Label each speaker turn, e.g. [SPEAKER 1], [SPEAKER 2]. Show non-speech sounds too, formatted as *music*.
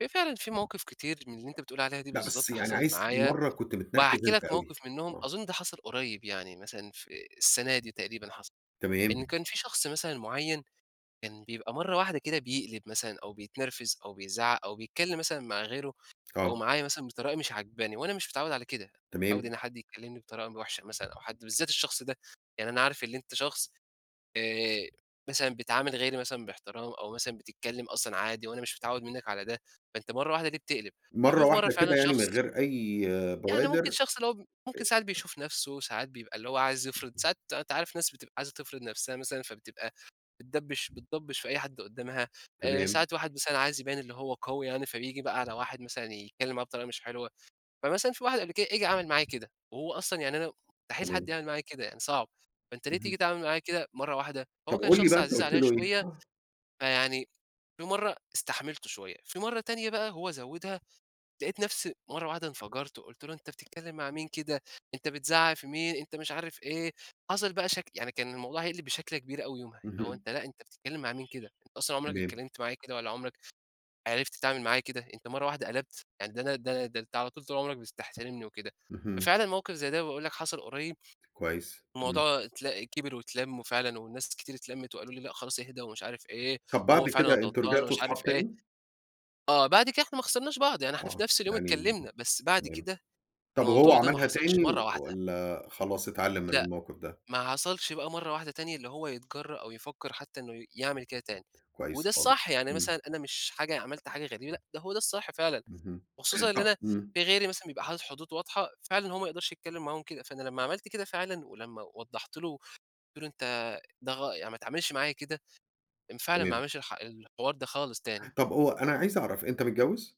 [SPEAKER 1] هي فعلًا في مواقف كتير من اللي أنت بتقول عليها دي
[SPEAKER 2] لا، بس
[SPEAKER 1] بالضبط
[SPEAKER 2] يعني
[SPEAKER 1] حصلت
[SPEAKER 2] عايز
[SPEAKER 1] معايا،
[SPEAKER 2] مرة كنت متنرفز
[SPEAKER 1] وهاحكي
[SPEAKER 2] أنت
[SPEAKER 1] لك
[SPEAKER 2] أوي،
[SPEAKER 1] موقف منهم.
[SPEAKER 2] آه.
[SPEAKER 1] أظن ده حصل قريب يعني مثلًا في السنة دي تقريبًا حصل.
[SPEAKER 2] تمام.
[SPEAKER 1] إن كان في شخص مثلًا معيّن، كان بيبقى مرّة واحدة كده بيقلب مثلًا أو بيتنرفز أو بيزعق أو بيتكلّم مثلًا مع غيره أو
[SPEAKER 2] آه.
[SPEAKER 1] معايا مثلًا بطريقة مش عاجباني، وأنا مش متعوّد على كده، مش متعوّد
[SPEAKER 2] تمام.
[SPEAKER 1] إن حد يكلمني بطريقة وحشة مثلًا أو حد بالذات الشخص ده. يعني أنا عارف إن أنت شخص آآ، مثلًا بتعامل غيري مثلًا بإحترام أو مثلًا بتتكلّم أصلًا عادي، وأنا مش متعوّد منّك على ده، فأنت مرّة وحدة ليه بتقلب؟
[SPEAKER 2] مرة
[SPEAKER 1] ففي مرّة
[SPEAKER 2] واحدة
[SPEAKER 1] فعلًا
[SPEAKER 2] كده يعني، من
[SPEAKER 1] شخص
[SPEAKER 2] غير أي
[SPEAKER 1] يعني ممكن
[SPEAKER 2] بوادر؟
[SPEAKER 1] شخص اللي هو ممكن ساعات
[SPEAKER 2] أ
[SPEAKER 1] بيشوف نفسه، ساعات بيبقى اللي هو عايز يفرض
[SPEAKER 2] *unintelligible*
[SPEAKER 1] ساعات أنت عارف ناس بتبقى عايزة تفرض نفسها مثلًا، فبتبقى بتدبش بتضبش في أي حد قدامها، آآ،
[SPEAKER 2] تمام.
[SPEAKER 1] ساعات الواحد مثلًا عايز يبين إنّه هو قوي يعني، فبيجي بقى على واحد مثلًا يتكلّم معاه بطريقة مش حلوة، فمثلًا في واحد قبل كده جه عمل معايا كده. وهو أصلًا يعني أنا مستحيل حد
[SPEAKER 2] تمام.
[SPEAKER 1] يعمل معايا كده، يعني صعب، فأنت ليه تييجي
[SPEAKER 2] اهم.
[SPEAKER 1] تتعامل معايا كده مرّة واحدة؟ فهو
[SPEAKER 2] طب
[SPEAKER 1] كان
[SPEAKER 2] قُل لي
[SPEAKER 1] شخص
[SPEAKER 2] بقى، أنت
[SPEAKER 1] عزيز
[SPEAKER 2] قلت
[SPEAKER 1] عليَّ
[SPEAKER 2] له إيه؟
[SPEAKER 1] شويّة
[SPEAKER 2] آه.
[SPEAKER 1] فيعني في مرّة استحملته شويّة. في مرّة تانية بقى، هو زودها لقيت نفسي مرّة واحدة انفجرت، قلت له: "أنت بتتكلّم مع مين كده؟ أنت بتزعق في مين؟ أنت مش عارف إيه." حصل بقى شك يعني كان الموضوع هيقلب بشكلة كبيرة أوي يومها. اللي هو
[SPEAKER 2] اهم.
[SPEAKER 1] أنت لأ، أنت بتتكلّم مع مين كده؟ أنت أصلًا عمرك
[SPEAKER 2] تمام.
[SPEAKER 1] اتكلّمت معايا كده والّا عمرك عرفت تتعامل معايا كده؟ أنت مرّة واحدة قلبت؟ يعني ده أنا ده ده أنت على طول طول عمرك بتس تحترمني وكده،
[SPEAKER 2] اهم.
[SPEAKER 1] ففعلًا موقف زي ده باقول لك حصل قريب،
[SPEAKER 2] كويس إمم.
[SPEAKER 1] الموضوع اتل كبر واتلم، وفعلًا والناس كتير اتلمت وقالوا لي: "لأ خلاص اهدا ومش عارف إيه،
[SPEAKER 2] طب
[SPEAKER 1] وهو
[SPEAKER 2] بعد
[SPEAKER 1] فعلًا
[SPEAKER 2] كده أنتم
[SPEAKER 1] غلطان
[SPEAKER 2] رجعتوا
[SPEAKER 1] ومش عارف
[SPEAKER 2] صحاب
[SPEAKER 1] إيه."
[SPEAKER 2] تاني؟
[SPEAKER 1] آه، بعد كده إحنا ما خسرناش بعض يعني إحنا في
[SPEAKER 2] آه،
[SPEAKER 1] نفس اليوم
[SPEAKER 2] يعني
[SPEAKER 1] اتكلمنا، بس بعد
[SPEAKER 2] تمام.
[SPEAKER 1] كده
[SPEAKER 2] طب وهو
[SPEAKER 1] الموضوع ده ما
[SPEAKER 2] عملها
[SPEAKER 1] حصلش
[SPEAKER 2] تاني
[SPEAKER 1] مرّة واحدة.
[SPEAKER 2] والّا خلاص اتعلم من
[SPEAKER 1] لأ،
[SPEAKER 2] الموقف ده؟
[SPEAKER 1] ما حصلش بقى مرّة واحدة تانية اللي هو يتجرأ أو يفكر حتّى إنّه يعمل كده تاني.
[SPEAKER 2] كويس
[SPEAKER 1] وده
[SPEAKER 2] خالص.
[SPEAKER 1] الصح يعني،
[SPEAKER 2] إمم.
[SPEAKER 1] مثلًا أنا مش حاجة عملت حاجة غريبة لأ ده هو ده الصح فعلًا،
[SPEAKER 2] اهم.
[SPEAKER 1] وخصوصًا
[SPEAKER 2] *gasps*
[SPEAKER 1] إن
[SPEAKER 2] طب
[SPEAKER 1] أنا
[SPEAKER 2] إمم.
[SPEAKER 1] في غيري مثلًا بيبقى حاطط حدود واضحة فعلًا هو ما يقدرش يتكلّم معاهم كده، فأنا لمّا عملت كده فعلًا ولمّا وضحت له، وقلت له: "أنت ده غل يعني ما تعملش معايا كده." فعلًا ما
[SPEAKER 2] تمام.
[SPEAKER 1] عملش الح الحوار ده خالص تاني.
[SPEAKER 2] طب هو أنا عايز أعرف، أنت متجوز؟